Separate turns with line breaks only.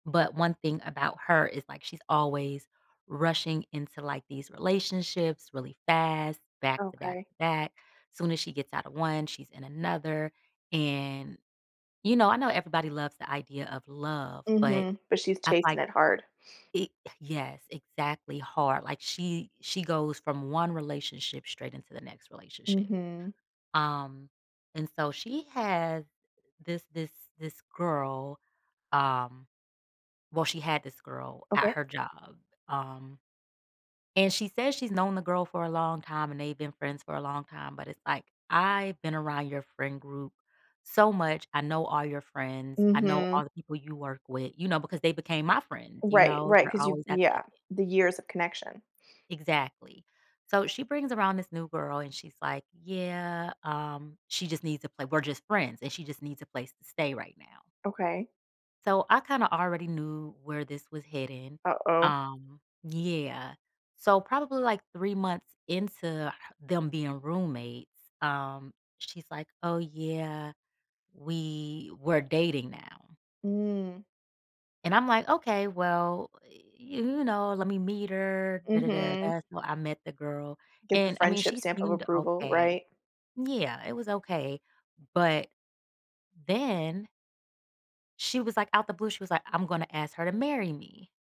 But 1 thing about her is, like, she's always rushing into, like, these relationships really fast,
Okay.
back-to-back-to-back, soon as she gets out of 1, she's in another. And, you know, I know everybody loves the idea of love, but
Mhm, but she's
I'm,
chasing
like
it hard.
e yes, exactly hard, like, she she goes from 1 relationship straight into the next relationship.
Mhm.
Um, and so she had this this this girl, um well she had this girl at
Okay.
her job, um, and she says she's known the girl for a long time and they've been friends for a long time, but it's like, "I've been around your friend group so much, I know all your friends, I know
Mhm.
all the people you work with," you know, because they became my friends, you
Right,
know,
right,
they're
'cause you
always at the
yeah,
event.
the years of connection.
Exactly. So she brings around this new girl and she's like, "Yeah, um, she just needs to play, we're just friends and she just needs a place to stay right now."
Okay.
So I kinda already knew where this was heading.
Uh-oh.
Um, yeah. So probably, like, 3 months into them being roommates, um, she's, like, "Oh, yeah. We we're dating now."
Mm.
And I'm, like, "Okay, well, you know, let me meet her." Duh, duh, duh, duh, duh
Mhm.
that's how I met the girl,
Get the
and I mean,
friendship
she
stamp of
seemed
approval.
okay.
Right?
Yeah, it was okay. But then she was, like, out the blue, she was like, "I'm gonna ask her to marry me."